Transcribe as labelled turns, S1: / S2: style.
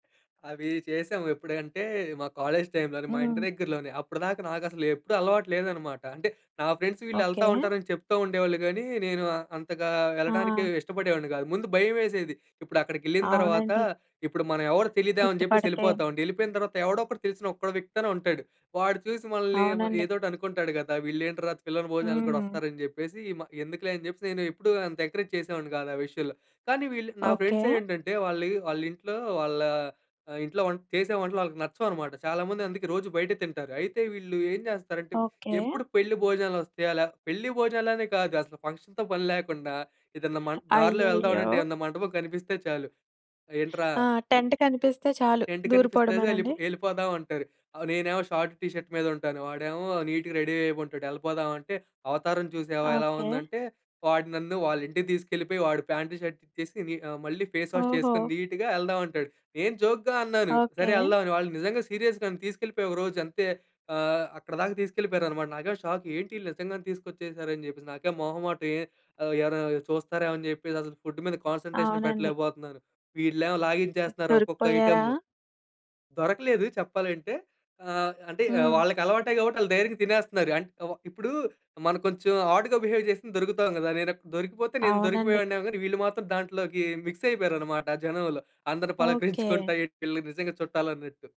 S1: అవి చేసాము. ఎప్పుడంటే మా కాలేజ్ టైమ్‌లోనే మా ఇంటి
S2: హ్మ్.
S1: దగ్గరలోనే అప్పడిదాకా నాకు అసలు ఎప్పుడు అలవాటు లేదన్నమాట. అంటే, నా ఫ్రెండ్స్ వీళ్ళెళ్తా
S2: ఓకే.
S1: ఉంటారని చెప్తా ఉండేవాళ్ళు గానీ నేను అంతగా వెళ్ళడానికి
S2: ఆ!
S1: ఇష్టపడేవాడిని గాదు. ముందు భయం వేసేది. ఇప్పుడు అక్కడికెళ్ళిన తర్వాత,
S2: అవునండి.
S1: ఇప్పుడు మనం ఎవరు తెలిదేమో అని జెప్పేసి
S2: గుర్తుపడితే.
S1: యెళ్లిపోతామండి. వెళ్ళిపోతాపోయిన తర్వాత ఎవడో ఒకడు తెలిసిన ఒకడు వ్యక్తి ఐనా ఉంటాడు. వాడు చూసి మనల్ని
S2: అవునండి.
S1: ఏదో ఒకటి అనుకుంటాడు గదా! వీళ్ళేంట్రా పిలవని భోజనాలకు గూడా
S2: హ్మ్.
S1: వస్తారని జెప్పేసి ఎందుకులే అని చెప్పేసి, నేను ఎప్పుడూ అంత ఎంకరేజ్ చేసేవాడిని కాదు ఆ విషయంలో. కానీ వీళ్ళు నా
S2: ఓకే.
S1: ఫ్రెండ్స్ ఏంటంటే వాళ్ళు వాళ్ళింట్లో వాళ్ళ ఆహ్, ఇంట్లో వం చేసే వంటలు వాళ్ళకి నచ్చవనమాట. చాలామంది అందుకే రోజు బయట తింటారు. అయితే వీళ్ళు ఏం జేస్తారంటే
S2: ఓకే.
S1: ఎప్పుడు పెళ్లి భోజనాలు వస్తాయా? లా పెళ్లి భోజనాలు అనే కాదు అసలు ఫంక్షన్‌తో పని లాకుండా ఏదైనా మన్ దారిలో
S2: అయ్యయ్యో!
S1: వెళ్తాఉంటే ఏమన్నా మంటపం కనిపిస్తే చాలు ఏంట్రా?
S2: ఆ! టెంట్ కనిపిస్తే చాలు
S1: టెంట్ కనిపిస్తది యెల్‌పొ
S2: దూరిపోవడమేనండీ?
S1: యెళ్ళిపోదాం అంటారు. ఆహ్, నేనేమో షార్ట్, టీ షర్ట్ మీద ఉంటాను వాడేమో నీట్‌గా రెడీ అయి ఉంటాడు. యెళ్ళిపోదాం అంటే, "అవతారం చూసావా ఎలా
S2: ఓకే.
S1: ఉందంటే" వాడు నన్ను వాళ్ళ ఇంటికి తీసుకెళ్ళిపోయి వాడు ప్యాంటు, షర్ట్ ఇచ్చేసి ని ఆహ్, మళ్ళీ ఫేస్ వాష్ చేసుకొని
S2: ఓహో!
S1: నీట్‌గా వెళ్దాం అంటాడు. నేను జోక్‌గా అన్నాను, "సరే
S2: ఓకే.
S1: యెళ్దాం" అని. వాళ్ళు నిజంగా సీరియస్‌గా తీసుకెళ్ళిపోయి ఒకరోజు అంతే ఆహ్, అక్కడిదాకా తీసుకెళ్ళిపోయారనమాట. నాకేమో షాక్ ఏంటీళ్ళు నిజంగానే తీసుకొచ్చేసారు అని జెప్పేసి. నాకేం మొహమాటం ఏ ఎవరైనా చూస్తారేమో అని చెప్పేసి అసలు ఫుడ్ మీద కాన్సంట్రేషన్
S2: అవునండి.
S1: పెట్టలేకపోతున్నాను. వీళ్ళేమో లాగించేస్తున్నారు ఒక్కొక్క
S2: దొరికిపోయారా?
S1: ఐటెమ్ము. దొరకలేదు చెప్పాలంటే ఆహ్, అంటే ఆహ్,
S2: హ్మ్.
S1: వాళ్ళకి అలవాటే కాబట్టి వాళ్ళు ధైర్యంగా తినేస్తున్నారు అం ఇప్పుడూ మనం కొంచెం ఆడ్‌గా బిహేవ్ చేస్తే దొరుకుతాం గదా! నేను అక్ దొరికిపోతే నేను
S2: అవునండి.
S1: దొరికిపోయేవాడిని గాని వీళ్ళు మాత్రం దాంట్లోకి మిక్స్ అయిపోయారన్నమాట జనంలో. అందరిని
S2: ఓకే.
S1: పలకరించుకుంటా ఎ వీళ్లు నిజంగా చుట్టాలు అన్నట్టు.